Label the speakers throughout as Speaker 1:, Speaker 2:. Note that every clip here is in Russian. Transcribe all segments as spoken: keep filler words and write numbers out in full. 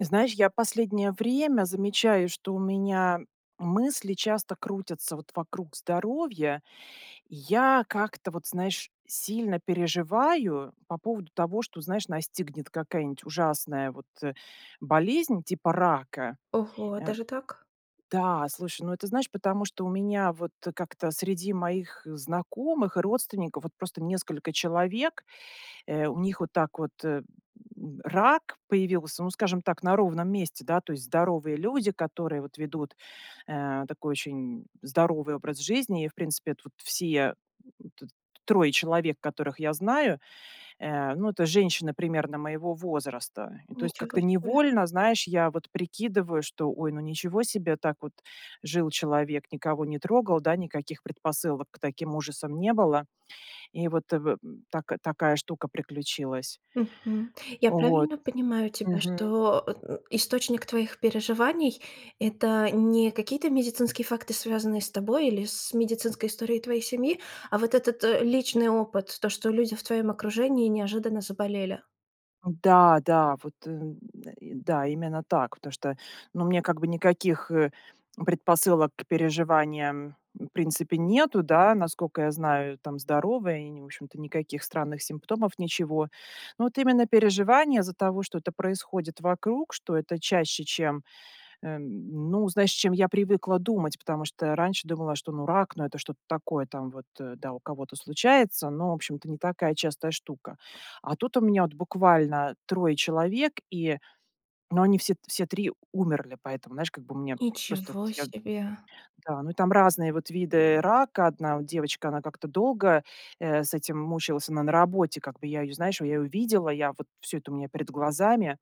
Speaker 1: Знаешь, я последнее время замечаю, что у меня мысли часто крутятся вот вокруг здоровья. Я как-то, вот знаешь, сильно переживаю по поводу того, что, знаешь, настигнет какая-нить ужасная вот, э, болезнь типа рака.
Speaker 2: Ого,
Speaker 1: Э,
Speaker 2: даже так?
Speaker 1: да, слушай, ну это, знаешь, потому что у меня вот, э, как-то среди моих знакомых и родственников вот просто несколько человек. Э, у них вот так вот, э, м, рак появился, ну, скажем так, на ровном месте, да? То есть здоровые люди, которые вот ведут, э, такой очень здоровый образ жизни. И, в принципе, эт вот все эт т трое человек, которых я знаю, э, ну, это женщины примерно моего возраста. И то есть как-то
Speaker 2: Ничего себе!
Speaker 1: невольно, знаешь, я вот прикидываю, что: "Ой, ну ничего себе, так вот жил человек, никого не трогал, да, никаких предпосылок к таким ужасам не было". И вот, э, в м так такая штука приключилась.
Speaker 2: Мгм. Я
Speaker 1: Вот.
Speaker 2: правильно понимаю тебя,
Speaker 1: Мгм.
Speaker 2: что, источник твоих переживаний- это не какие-то медицинские факты, связанные с тобой или с медицинской историей твоей семьи, а вот этот, э, личный опыт, то, что люди в твоем окружении неожиданно заболели?
Speaker 1: Да, да, вот, э, м, э, да, именно так. Потому что, ну, мне как бы никаких, э, предпосылок к переживаниям в принципе нету, да, насколько я знаю, там здоровая, и не в общем-то, никаких странных симптомов, ничего. Но вот именно переживания из-за того, что это происходит вокруг, что это чаще, чем, эм, ну, знаешь, чем я привыкла думать. Потому что раньше думала, что, ну, рак, ну, это что-то такое, там вот, э, да, у кого-то случается, но, в общем-то, не такая частая штука. А тут у меня, вот, буквально трое человек, и, ну, они все т все три умерли, поэтому, знаешь, как бы у меня просто, вот
Speaker 2: Ничего
Speaker 1: я
Speaker 2: себе!
Speaker 1: Да, ну и там, там разные вот виды рака. Одна от девочка, она как-то долго, э, с этим мучилась. Она на работе, как бы я ее, знаешь, я ее видела, я вот всё это у меня перед глазами.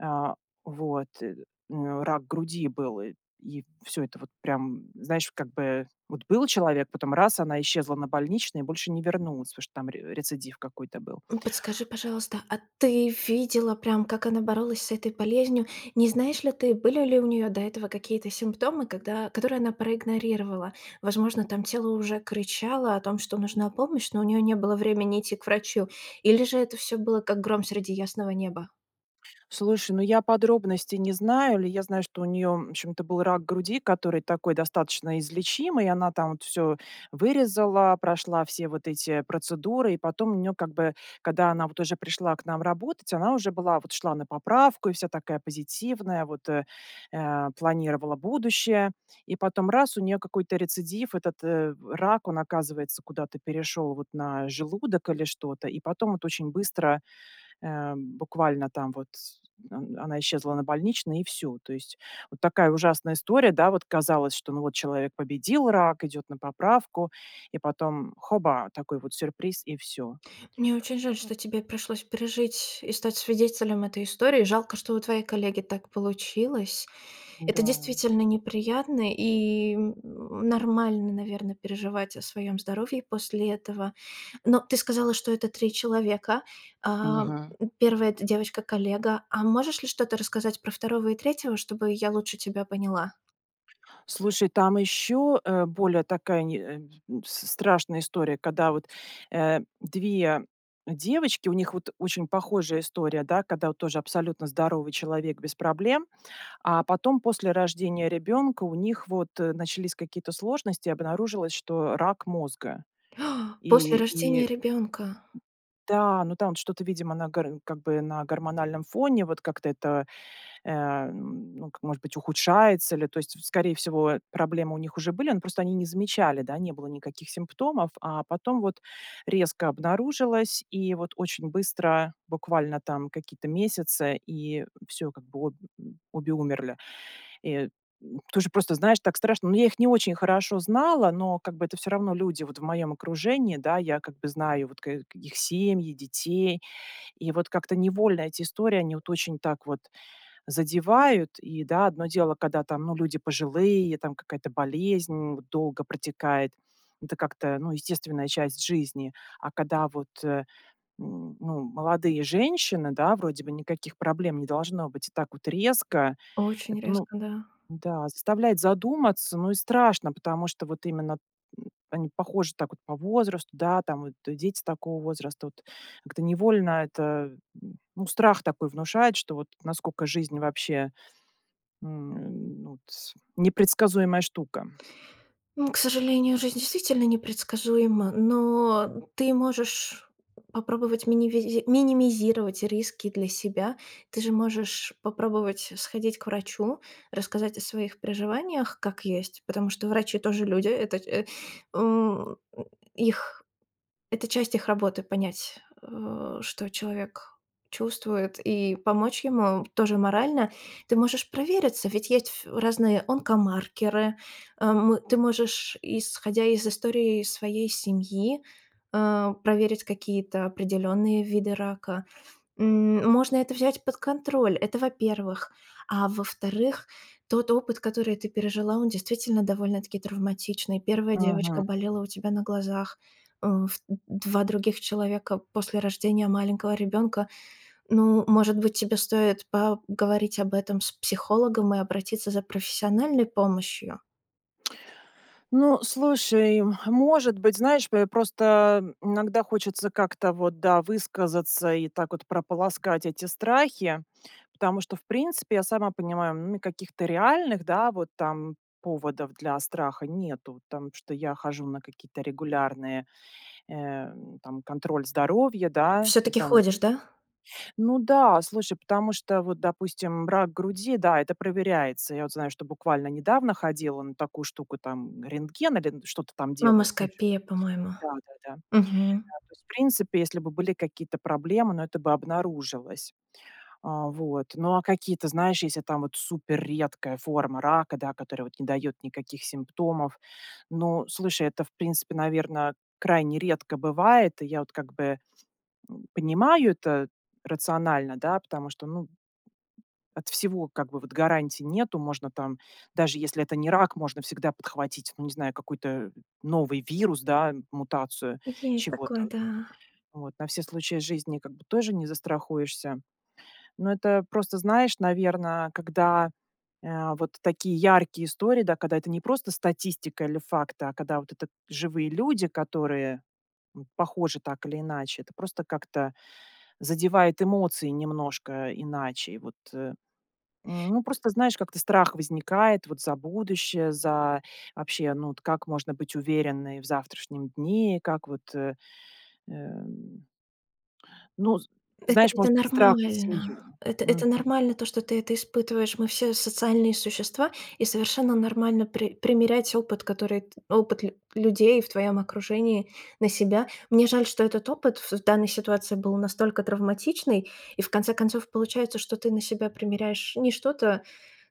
Speaker 1: А, вот, э, у нее рак груди был, э, и всё это вот прям, знаешь, как бы вот был человек, потом раз- она исчезла на больничный и больше не вернулась, потому что там ре рецидив какой-то был.
Speaker 2: М, подскажи, пожалуйста, а ты видела прям, как она боролась с этой болезнью? Не знаешь ли ты, были ли у неё до этого какие-то симптомы, когда которые она проигнорировала? Возможно, там тело уже кричало о том, что нужна помощь, но у нее не было времени идти к врачу. Или же это всё было как гром среди ясного неба?
Speaker 1: Слушай, ну, я подробностей не знаю или я знаю, что у нее, в общем-то, был рак груди, который такой достаточно излечимый. Она там вот всё вырезала, прошла все вот эти процедуры, и потом у нее, как бы, когда она вот уже пришла к нам работать, она уже была, вот шла на поправку и вся такая позитивная, вот э, э, планировала будущее. И потом раз- у нее какой-то рецидив, этот э рак, он оказывается куда-то перешел вот на желудок или что-то, и потом вот очень быстро, э, м, буквально там вот с он она исчезла на больничный и всё. То есть вот такая ужасная история, да, вот, казалось, что, ну вот, человек победил рак, идет на поправку, и потом хоба- такой вот сюрприз и всё.
Speaker 2: Мне очень жаль, что тебе пришлось пережить и стать свидетелем этой истории, жалко, что у твоей коллеги так получилось. Это
Speaker 1: Да.
Speaker 2: действительно неприятно и, м, нормально, наверно, переживать о своем здоровье после этого. Но ты сказала, что это три человека. А, м,
Speaker 1: Мгм.
Speaker 2: первый- это девочка-коллега. А можешь ли что-то рассказать про второго и третьего, чтобы я лучше тебя поняла?
Speaker 1: Слушай, там еще, э, более такая не э, н с страшная история, когда, вот, э, две девочки, у них, вот, очень похожая история, да. Когда, вот, тоже абсолютно здоровый человек без проблем, а потом после рождения ребёнка у них, вот, э, начались какие-то сложности, обнаружилось, что рак мозга.
Speaker 2: !После
Speaker 1: И и
Speaker 2: рождения ребенка.
Speaker 1: Да, но там от что-то, видимо, на гр как бы на гормональном фоне, вот, как-то это, э, м, ну к может быть, ухудшается ли. То есть, в скорее всего, проблемы у них уже были, но просто они не замечали, да, не было никаких симптомов. А потом вот резко обнаружилось, и, вот, очень быстро, буквально там какие-то месяцы, и всё, как бы, об обе умерли. И, м, тоже просто знаешь, так страшно. Ну, я их не очень хорошо знала, но, как бы, это всё равно люди вот в моём окружении, да, я, как бы, знаю вот ка их семьи, детей, и вот как-то невольно эти истории, они, вот, очень так вот задевают. И, да, одно дело, когда, там, ну, люди пожилые, там какая-то болезнь, м, вот долго протекает. Это как-то, ну, естественная часть жизни. А когда, вот, э, м, ну, молодые женщины, да, вроде бы никаких проблем не должно быть. И так вот резко, эт
Speaker 2: Очень
Speaker 1: ну
Speaker 2: резко, да.
Speaker 1: Да, заставляет задуматься, ну и страшно, потому что вот именно они похожи так вот по возрасту, да, там вот и дети такого возраста, вот. Как-то невольно это м, ну, страх такой внушает, что вот насколько жизнь вообще, м, ну, тс непредсказуемая штука.
Speaker 2: Ну, к сожалению, жизнь действительно непредсказуема, но ты можешь попробовать минивизи минимизировать риски для себя. Ты же можешь попробовать сходить к врачу, рассказать о своих переживаниях, как есть, потому что врачи тоже люди. Этот э, м, их Это часть их работы: понять, э, что человек чувствует и помочь ему тоже морально. Ты можешь провериться, ведь есть ф разные онкомаркеры, э, мы ты можешь, исходя из истории своей семьи, э, проверить какие-то определенные виды рака. М, можно это взять под контроль, это, во-первых. А во-вторых, тот опыт, который ты пережила, он действительно довольно-таки травматичный. первая девочка
Speaker 1: Мгм.
Speaker 2: болела у тебя на глазах, э, ф д два других человека после рождения маленького ребенка. Ну, может быть, тебе стоит по говорить об этом с психологом и обратиться за профессиональной помощью?
Speaker 1: Ну, слушай. Может быть, знаешь, п просто иногда хочется как-то вот, да, высказаться- и так вот прополоскать эти страхи. Потому что в принципе я сама понимаю, м, каких-то реальных, да, вот там поводов для страха нету. Там, что я хожу на какие-то регулярные, э, там контроль здоровья, да. Ну
Speaker 2: Все-таки
Speaker 1: там
Speaker 2: ходишь, да?
Speaker 1: ну да, слушай, потому что, вот допустим, рак груди, да, это проверяется. Я вот знаю, что буквально недавно ходила на такую штуку: там рентген, или н что-то там делают. Ну [unintelligible]
Speaker 2: Мамоскопия, по-моему.
Speaker 1: да, да, да.
Speaker 2: Мгм.
Speaker 1: То есть в принципе, если бы были какие-то проблемы, ну, это бы обнаружилось. O, вот. Ну а какие-то, знаешь, если там вот если супер редкая форма рака, да, которая вот не дает никаких симптомов. Но, слушай, это в принципе, наверно, крайне редко бывает. И я вот как бы, м, понимаю это рационально, да, потому что, ну, от всего как бы вот гарантий нету. Можно там, даже если это не рак, можно всегда подхватить, ну, не знаю, какой-то новый вирус, да, мутацию
Speaker 2: Есть
Speaker 1: чего-то.
Speaker 2: такое, да.
Speaker 1: Вот. На все случаи жизни как бы тоже не застрахуешься. Ну, это просто знаешь, наверно, когда, э, вот такие яркие истории, да, когда это не просто статистика или факты, а когда вот это живые люди, которые, м, похожи так или иначе, это просто как-то задевает эмоции немножко иначе. Вот, э, ну, просто знаешь, как-то страх возникает вот за будущее. За, вообще, ну, от как можно быть уверенной в завтрашнем дне. Как вот, э, э, ну з
Speaker 2: Это
Speaker 1: знаешь,
Speaker 2: это
Speaker 1: может быть, страх за
Speaker 2: нормально.
Speaker 1: семью.
Speaker 2: Это
Speaker 1: Мгм.
Speaker 2: это нормально то, что ты это испытываешь. Мы все социальные существа, и совершенно нормально при примерять опыт, который т опыт лю людей в твоем окружении на себя. Мне жаль, что этот опыт в в данной ситуации был настолько травматичный, и в конце концов получается, что ты на себя примеряешь не что-то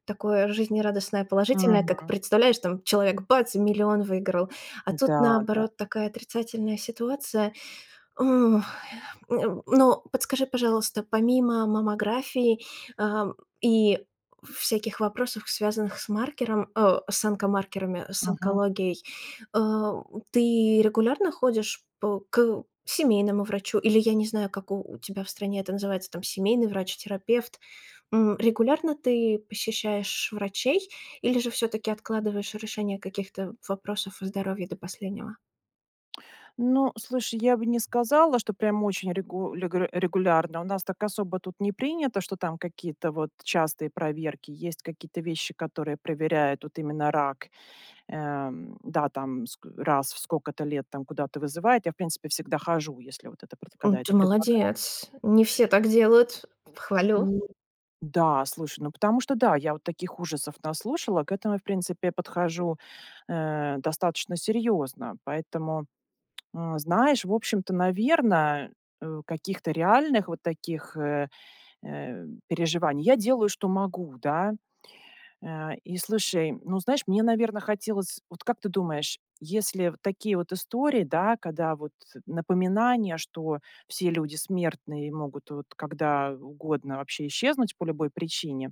Speaker 2: такое жизнерадостное, положительное, как
Speaker 1: Мгм.
Speaker 2: представляешь, там человек, бац, и миллион выиграл. А тут,
Speaker 1: Да, да.
Speaker 2: наоборот, такая отрицательная ситуация. Э, но подскажи, пожалуйста, помимо маммографии, а, и всяких вопросов, связанных с маркером, э, с онокомаркерами, с
Speaker 1: Мгм.
Speaker 2: онкологией, э, ты регулярно ходишь по к семейному врачу, или я не знаю, как у тебя в стране это называется там, семейный врач, терапевт? М, регулярно ты посещаешь врачей или же все-таки откладываешь решение каких-то вопросов о здоровье до последнего?
Speaker 1: Ну, слушай, я бы не сказала, что прям очень регу легуре регулярно. У нас так особо тут не принято, что там какие-то вот частые проверки. Есть какие то вещи, которые проверяют вот именно рак. Э, да, там ск раз в сколько-то лет, там куда-то вызывает. Я в принципе всегда хожу, если вот это пр
Speaker 2: М,
Speaker 1: когда
Speaker 2: ты
Speaker 1: это предлагается.
Speaker 2: молодец! Не все так делают, хвалю.
Speaker 1: Ну да, слушай, ну потому что да, я вот таких ужасов наслушала, к этому, в принципе, подхожу, э, достаточно серьезно. Поэтому, э, знаешь, в общем-то, наверно, э, каких-то реальных вот таких, э, э, переживаний Я делаю, что могу, да. Э, и слушай, ну, знаешь, мне, наверно, хотелось Вот как ты думаешь, если в такие вот истории, да, когда вот напоминание, что все люди смертные и могут вот когда угодно вообще исчезнуть по любой причине,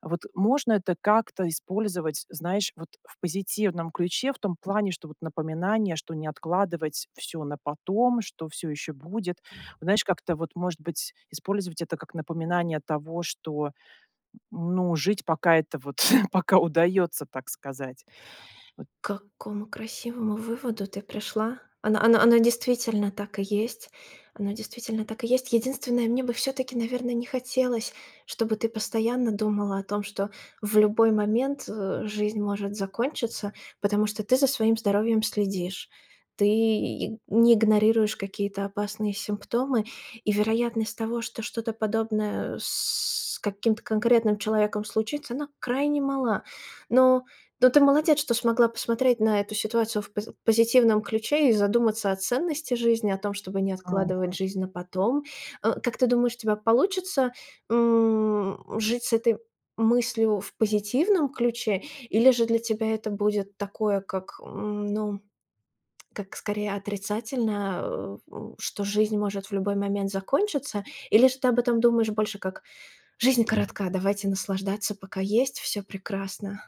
Speaker 1: вот можно это как-то использовать, знаешь, вот в позитивном ключе, в том плане, что вот напоминание, что не откладывать всё на потом, что всё еще будет. Вот знаешь, как-то вот, может быть, использовать это как напоминание того, что, ну, жить, пока это вот пока удается, так сказать. Вот
Speaker 2: К какому красивому выводу ты пришла! Оно оно оно действительно так и есть. Оно действительно так и есть. Единственное, мне бы все-таки, наверно, не хотелось, чтобы ты постоянно думала о том, что в любой момент, э, жизнь может закончиться. Потому что ты за своим здоровьем следишь. Ты не игнорируешь какие-то опасные симптомы, и вероятность того, что что-то подобное с каким-то конкретным человеком случится, она крайне мала. Но но ты молодец, что смогла посмотреть на эту ситуацию в поз позитивном ключе и задуматься о ценности жизни, о том, чтобы не откладывать
Speaker 1: Мгм.
Speaker 2: жизнь на потом. Э, как ты думаешь, у тебя получится, м, жить с этой мыслью в позитивном ключе? Или же для тебя это будет такое, как, ну, как скорее отрицательное. Э, что жизнь может в любой момент закончиться. Или же ты об этом думаешь больше как: "Жизнь коротка, давайте наслаждаться, пока есть. Всё прекрасно!"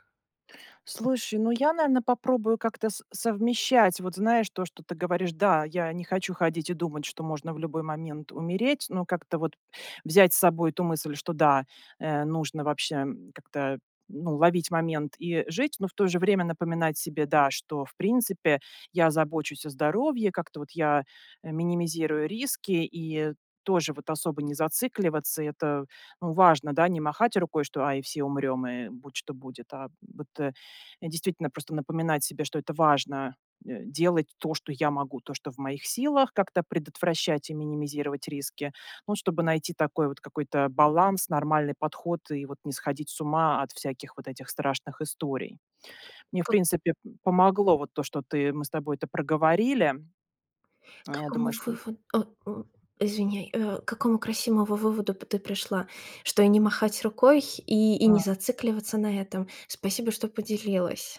Speaker 1: Слушай, ну я, наверно, попробую как-то с совмещать. Вот знаешь, то, что ты говоришь, да, я не хочу ходить и думать, что можно в любой момент умереть. Но как-то вот взять с собой эту мысль, что да, э, нужно вообще, м, как-то, ну, ловить момент и жить, но в то же время напоминать себе, да, что в принципе я забочусь о здоровье, как-то вот я э минимизирую риски и тоже вот особо не зацикливаться. Это, ну, важно, да, не махать рукой, что: "Ай, все умрем, и будь что будет". А вот, э, действительно просто напоминать себе, что это важно э делать то, что я могу, то, что в моих силах, как-то предотвращать и минимизировать риски. Ну, чтобы найти такой вот какой-то баланс, нормальный подход и вот не сходить с ума от всяких вот этих страшных историй. Мне в
Speaker 2: К.
Speaker 1: принципе помогло вот то, что ты мы с тобой это проговорили.
Speaker 2: К
Speaker 1: Я
Speaker 2: какому
Speaker 1: думаю, что
Speaker 2: вывод о, м, извиняй, э, к какому красивому выводу т ты пришла, что и не махать рукой, и, и не
Speaker 1: М.
Speaker 2: зацикливаться на этом. Спасибо, что поделилась!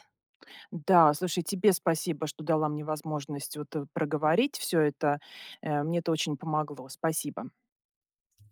Speaker 1: Да, слушай, тебе спасибо, что дала мне возможность вот э проговорить всё это, э, мне это очень помогло, спасибо.